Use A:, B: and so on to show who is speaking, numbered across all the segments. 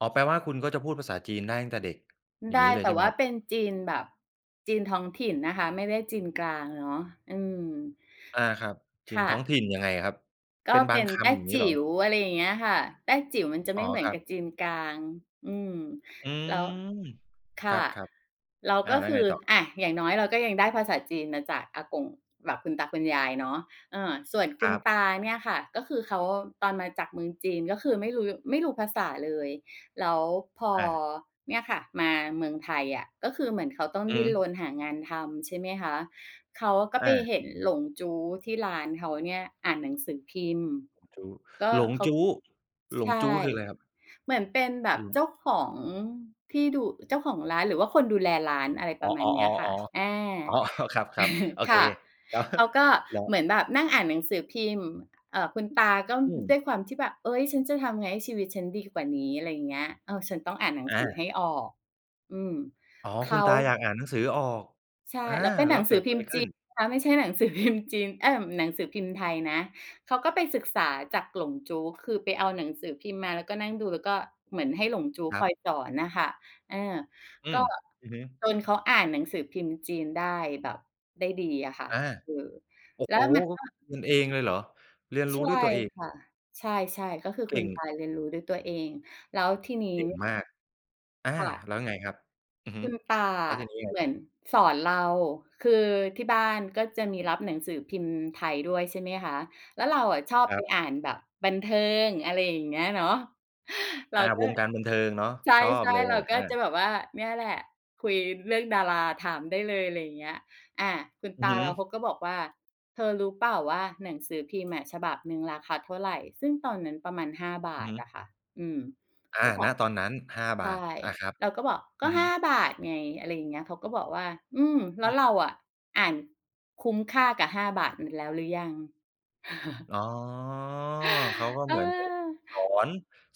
A: อ๋อ แปลว่าคุณก็จะพูดภาษาจีนได้ตั้งแต่เด็ก อย่
B: ไ
A: าง
B: ด
A: งี
B: ้
A: ้เล
B: แ
A: ย
B: ต
A: ใ
B: ่
A: ช่ไห
B: ว
A: ม
B: ่า
A: ครับ?
B: เป็นจีนแบบจีนท้องถิ่นนะคะ ไม่ได้จีนกลางเนาะ อืม
A: อา ครับ จี
B: ค
A: น
B: ่
A: ท้อง
B: ะ
A: ถิ่น ยังไงอะครับ
B: ก
A: เป
B: ็
A: ็นบ
B: เป
A: า
B: ็
A: ง
B: น
A: ค
B: แต้
A: ำ อย่างง
B: จ
A: ี้เหร
B: ิ
A: อ?
B: ๋ว อะไรอย่างเงี้ยค่ะ แต้จิ๋วมันจะไ
A: อ
B: ม
A: ๋
B: ่
A: อ
B: เหมือ
A: ค
B: น
A: รั
B: ก
A: บ
B: ับจีนกลาง อืม
A: อื
B: แล้ว
A: ม
B: ค
A: ค
B: ่
A: ร
B: ะ
A: ับ
B: แล้ว
A: ๆ อา
B: ก็
A: แล้
B: ค
A: ว
B: ื
A: ไง
B: อ
A: ต่อ?
B: อา อย่างน้อย เราก็ยังได้ภาษาจีนมาจากอากง แบบคุณตาคุณยายเนาะ เออ ส่วนค
A: ค
B: ุ
A: ร
B: ณ
A: ับ
B: ตาเนี่ยค่ะ ก็คือเขาตอนมาจากเมืองจีน ก็คือไม่รู้ ไม่รู้ภาษาเลย แล้วพอ
A: อา
B: เนี่ยค่ะมาเมืองไทยอะ ก็คือเหมือนเขาต้อง
A: อื
B: ด
A: อ
B: ิ
A: ฮ
B: ้น
A: ึ
B: รนหางานทำ ใช่ไหมคะ เขาก็ไป
A: อา
B: เห็นหลงจู๊ที่ร้านเขาเนี่ยอ่านหนังสือพิมพ์ ก็
A: หลง
B: เขา
A: จู๊ หล
B: ใช
A: งจ
B: ่
A: ู๊ หลงจู๊ คืออะไรครับ?
B: เหมือนเป็นแบบเจ้าของที่ดู เจ้าของร้าน หรือว่าคนดูแลร้าน อะไรป
A: อ๋
B: ร
A: อ
B: ะมาณเนี้ย
A: ๆ
B: ค่ะ อา
A: ๆ อ๋อ ครับ ๆ โอ
B: ค
A: เค
B: ่ะ
A: ก๊ะ
B: เขาก็
A: เหรอ?
B: เหมือนแบบนั่งอ่านหนังสือพิมพ์ เอ่อ คุณตาก็
A: อื
B: ด้
A: ม
B: วยความที่แบบ "เอ๊ย ฉันจะทำยังไงให้ชีวิตฉันดีกว่านี้? อะไรอย่างเงี้ย เออ ฉันต้องอ่านหนัง
A: อ
B: สือ
A: า
B: ให้ออก" อืม
A: อ๋อ
B: เข
A: คุณ
B: า
A: ตาอยากอ่านหนังสือออก
B: ใช่
A: อา
B: แล้วเป็นห
A: แล
B: น
A: ้
B: ั
A: ว
B: ง
A: เก
B: สื
A: ิ
B: อ
A: ด
B: พ
A: อ
B: ิ
A: ะไ
B: ม
A: ร
B: พ์
A: ข
B: จี
A: ึ้น?
B: นนะคะ ไม่ใช่หนังสือพิมพ์จีน เอ๊ย หนังสือพิมพ์ไทยนะ เขาก็ไปศึกษาจากหลงจู๊ คือไปเอาหนังสือพิมพ์มา แล้วก็นั่งดู แล้วก็เหมือนให้หลงจู๊
A: คร
B: ค
A: ั
B: อ
A: บ
B: ยสอนอะค่ะ เออ
A: อื
B: ก็
A: ม อือฮึ
B: จนเขาอ่านหนังสือพิมพ์จีนได้แบบ ได้ดีอะค่ะ
A: อา
B: เออ
A: โอ้
B: แล้
A: โฮ
B: วมันก็
A: เรียนเองเลยเหรอ? เรียนร
B: ใช
A: ู้
B: ่
A: ด้วยตัวเอง
B: ค่ะ ใช่ ๆ ก็คือ
A: เก
B: คุณ
A: ่ง
B: ตาเรียนรู้ด้วยตัวเอง แล้วทีนี้
A: เก่งมาก อา
B: ค่ะ
A: แล้วไงครับ? อือฮ
B: ค
A: ึ
B: ุณตา
A: แล้ว
B: อะ
A: ทีนี้ไง?
B: เหมือนสอนเรา คือที่บ้านก็จะมีรับหนังสือพิมพ์ไทยด้วย ใช่ไหมคะ แล้วเราอะชอบ
A: ค
B: ไ
A: ร
B: ป
A: ับ
B: อ่านแบบบันเทิง อะไรอย่างเงี้ยเนาะ เรา
A: อา
B: ก็
A: วงการบันเทิงเนาะ
B: ใช
A: ชอบ
B: ่
A: เล
B: ๆ เรา
A: ย
B: ก็
A: อา
B: จะแบบว่า เนี่ยแหละคุยเรื่องดารา ถามได้เลย อะไรอย่างเงี้ย อา คุณ
A: อ
B: ต
A: ือ
B: า
A: ฮึ
B: เราเขาก็บอกว่า "เธอรู้เปล่าว่าหนังสือพิมพ์อะ ฉบับหนึ่งราคาเท่าไร?" ซึ่งตอนนั้นประมาณ 5 บ
A: อื
B: า
A: อ
B: ท
A: ฮึ
B: อะค่ะ อือ
A: อ
B: ก็
A: า
B: แบ
A: ณ
B: บ
A: ตอนนั้น 5
B: ใ
A: บ
B: ช่
A: าท อา ครับ
B: เราก็บอก
A: อ
B: "ก็
A: ือฮ
B: 5
A: ึ
B: บาทไง" อะไรอย่างเงี้ย เขาก็บอกว่า "อืม แล
A: อ
B: ้
A: ื
B: วเร
A: ม
B: าอะอ่านคุ้มค่ากับ 5 บาทนั้นแล้วหรือยัง?"
A: อ๋อ เขาก็
B: เ
A: เหมือน
B: ออ
A: เขาสอน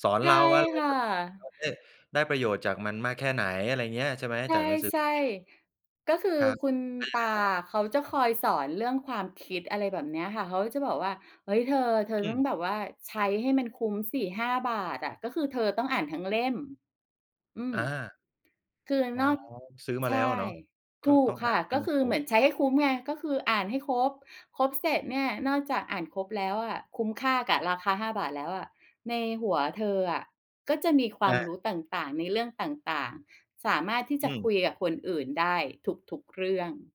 A: สอน
B: ใช
A: เร
B: ่
A: าว่าเรา
B: ค่
A: แบบเ
B: ะ
A: ราได้ ได้ประโยชน์จากมันมากแค่ไหน อะไรอย่างเงี้ย ใช่ไหม?
B: ใ
A: จากหนังสือ
B: ช
A: พ
B: ่
A: ิมพ์
B: ๆ ก็คือ
A: ครับ
B: คุณ
A: แล้วยั
B: ต
A: งไ
B: า
A: งต่อ?
B: อะ เขาจะคอยสอนเรื่องความคิด อะไรแบบเนี้ยค่ะ เขาจะบอกว่า "เฮ้ย เธอ เธอ
A: อ
B: ต
A: ื
B: ้อง
A: ม
B: แบบว่าใช้ให้มันคุ้มสิ 5 บาทอะ ก็คือเธอต้องอ่านทั้งเล่ม" อื
A: อ
B: ม
A: า
B: คือ
A: อ๋อ
B: นอก
A: ซื้อมา
B: ใช
A: แล้ว
B: ่
A: อะเนาะ ก
B: ถ
A: ็
B: ู
A: ต้
B: ก
A: อง
B: ค
A: อ่า
B: ่ะ
A: นให้
B: ก็
A: มั
B: ค
A: น
B: ือ
A: คร
B: เหม
A: บ
B: ือนใช้ให้คุ้มไง ก็คืออ่านให้ครบ ครบเสร็จเนี่ย นอกจากอ่านครบแล้วอะ คุ้มค่ากับราคา 5 บาทแล้วอะ ในหัวเธออะก็จะมีคว
A: อ
B: าม
A: า
B: รู้ต่าง ๆ ในเรื่องต่าง ๆ สามารถที่จ
A: อื
B: ะคุ
A: ม
B: ยกับคนอื่นได้ทุก ๆ เรื่อง